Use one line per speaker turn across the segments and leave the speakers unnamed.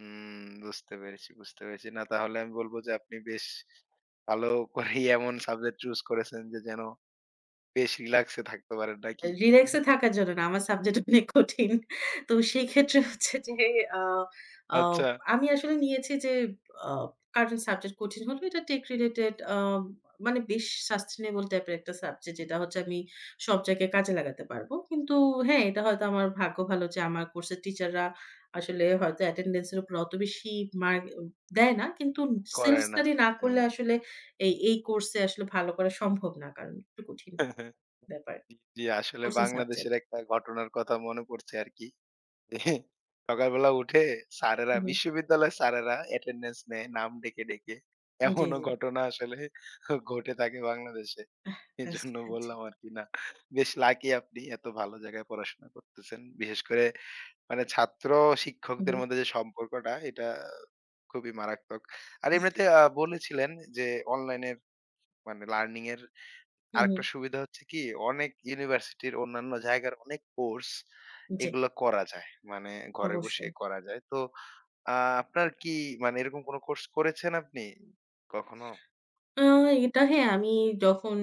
হুম বুঝতে পেরেছি, বুঝতে পেরেছি, না, তাহলে আমি বলব যে আপনি বেশ ভালো করেই এমন সাবজেক্ট চুস করেছেন যে যেন বেশ রিল্যাক্স এ থাকতে পারেন নাকি?
রিল্যাক্স এ থাকার জন্য না। আমার সাবজেক্ট অনেক কঠিন। তো সেক্ষেত্রে হচ্ছে যে, আ আ
আচ্ছা।
আমি আসলে নিয়েছি যে, আ কারেন্ট সাবজেক্ট কঠিন হলো, এটা টেক রিলেটেড আ মানে বেশ সাসটেইনেবল টাইপের একটা সাবজেক্ট, যেটা হচ্ছে আমি সব জায়গায় কাজে লাগাতে পারবো। কিন্তু হ্যাঁ, এটা হয়তো আমার ভাগ্য ভালো যে, আমার কোর্সের টিচাররা আসলে হয়তো অ্যাটেনডেন্স এর উপর অত বেশি মার্ক দেয় না। কিন্তু সেলফ
করে না।
স্টাডি না করলে,
হ্যাঁ।
আসলে এই, এই কোর্স আসলে ভালো করা সম্ভব না। কারণ একটু কঠিন ব্যাপার,
জি ,আসলে
কঠিন
বাংলাদেশের
সাবজেক্ট।
একটা ঘটনার কথা মনে পড়ছে আরকি। সকালবেলা উঠে স্যারেরা
হু, হু।
বিশ্ববিদ্যালয়ের স্যারেরা অ্যাটেনডেন্স নেয় নাম ডেকে, ডেকে।
জি,
এমনও
জি।
ঘটনা আসলে ঘটে থাকে বাংলাদেশে।
রাস্তা,
এজন্য
জি।
বললাম আরকি, না। বেশ লাকি আপনি এত ভালো জায়গায় পড়াশোনা করতেছেন। বিশেষ করে মানে
হুম,
ছাত্র-শিক্ষকদের
হুম।
মধ্যে যে সম্পর্কটা, এটা খুবই মারাত্মক। আর এমনিতে আ বলেছিলেন যে, অনলাইন মানে লার্নিং এর
হু, হু।
আরেকটা সুবিধা হচ্ছে কি, অনেক ইউনিভার্সিটির অন্যান্য জায়গার, অনেক কোর্স
জি।
এগুলো করা যায়। মানে ঘরে বসেই
অবশ্যই।
করা যায়। তো আ আপনার কি মানে এরকম কোন কোর্স করেছেন আপনি কখনো?
আ এটা হ্যাঁ, আমি যখন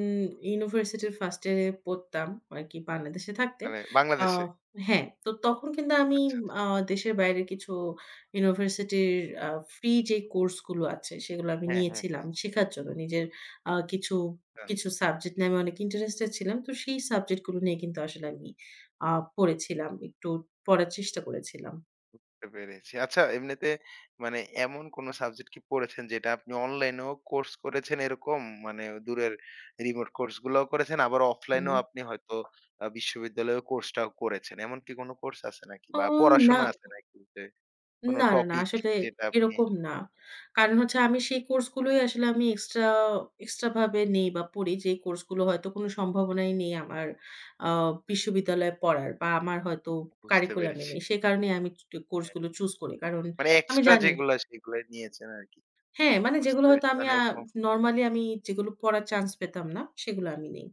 ইউনিভার্সিটির ফার্স্ট ইয়ারে পড়তাম আরকি বাংলাদেশে থাকতে।
মানে
আ
বাংলাদেশে।
হ্যাঁ, তো তখন কিন্তু আমি
আচ্ছা, আচ্ছা।
আ দেশের বাইরের কিছু ইউনিভার্সিটির আ ফ্রি যে কোর্স গুলো আছে, সেগুলো আমি
হ্যাঁ, হ্যাঁ,
নিয়েছিলাম
হ্যাঁ।
শেখার জন্য। নিজের কিছু আ
হ্যাঁ।
কিছু সাবজেক্ট নিয়ে আমি অনেক ইন্টারেস্টেড ছিলাম। তো সেই সাবজেক্ট গুলো নিয়ে কিন্তু আসলে আমি আ পড়েছিলাম। একটু পড়ার চেষ্টা করেছিলাম।
বুঝতে পেরেছি। আচ্ছা এমনিতে মানে এমন কোন সাবজেক্ট কি পড়েছেন, যেটা আপনি অনলাইনেও কোর্স করেছেন, এরকম মানে দূরের রিমোট কোর্স গুলোও করেছেন। আবার
হু,
অফলাইনেও
হু।
আপনি হয়তো আ বিশ্ববিদ্যালয়ের কোর্সটাও করেছেন। এমন কি কোন কোর্স আছে নাকি
ও
বা
না।
পড়াশোনা আছে নাকি? কোন
না, না, না।
টপিক
আসলে
যেটা আপনি
এরকম না। কারণ হচ্ছে আমি সেই কোর্স গুলোই আসলে আমি এক্সট্রা, এক্সট্রা ভাবে নেই বা পড়ি যে কোর্স গুলো হয়তো কোন সম্ভাবনাই নেই, আমার আ বিশ্ববিদ্যালয়ে পড়ার বা আমার হয়তো
বুঝতে
কারিকুলামে
পেরেছি।
নেই। সে কারণেই আমি কোর্স
হ্যাঁ।
গুলো চুস করি। কারণ
মানে
আমি
এক্সট্রা
জানি
যেগুলো, সেগুলো নিয়েছেন আরকি।
হ্যাঁ, মানে
বুঝতে
যেগুলো হয়তো
পেরেছি
আমি
মানে এব
নরমালি আমি যেগুলো পড়ার চান্স পেতাম না সেগুলো আমি নেই।